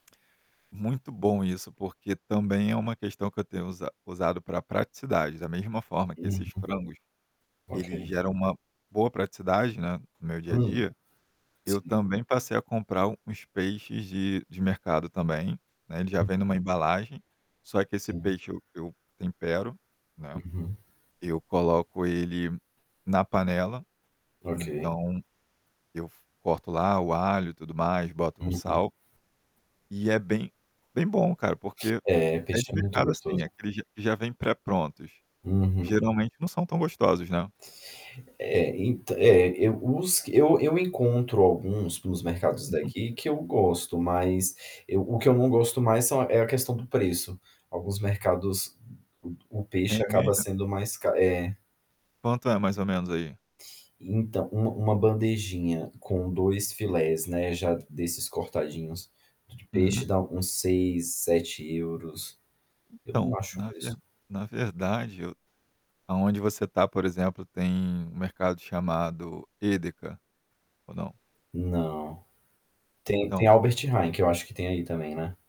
Muito bom isso, porque também é uma questão que eu tenho usa usado pra praticidade. Da mesma forma que Uhum. esses frangos, eles OK. geram uma boa praticidade, né, no meu dia a Hum. dia, eu Sim. também passei a comprar uns peixes de de mercado também, né, ele já Uhum. vem numa embalagem, só que esse Sim. peixe eu eu tempero, né. Uhum. Eu coloco ele na panela, OK. então, eu f corto lá o alho e tudo mais, boto um Uhum. sal. E é bem bem bom cara, porque É, é peixe de é muito mercado, assim, é gostoso. aqueles q que já vêm pré-prontos. Uhum. Geralmente não são tão gostosos, né. É, ent é, eu os eu eu encontro alguns nos mercados Uhum. daqui que eu gosto. Mas eu o que eu não gosto mais são é a questão do preço. Alguns mercados, o o É peixe mesmo, acaba é? sendo mais ca é. Quanto é, mais ou menos, aí? Então, uma uma bandejinha com 2 filés, né, já desses cortadinhos d de peixe, Uhum. dá uns €6, €7. Eu não Então, acho um na ver preço na verdade, aonde você tá, por exemplo, tem um mercado chamado EDEKA? Ou não? Não. Tem tem Então Albert Heijn, que eu acho que tem aí também, né.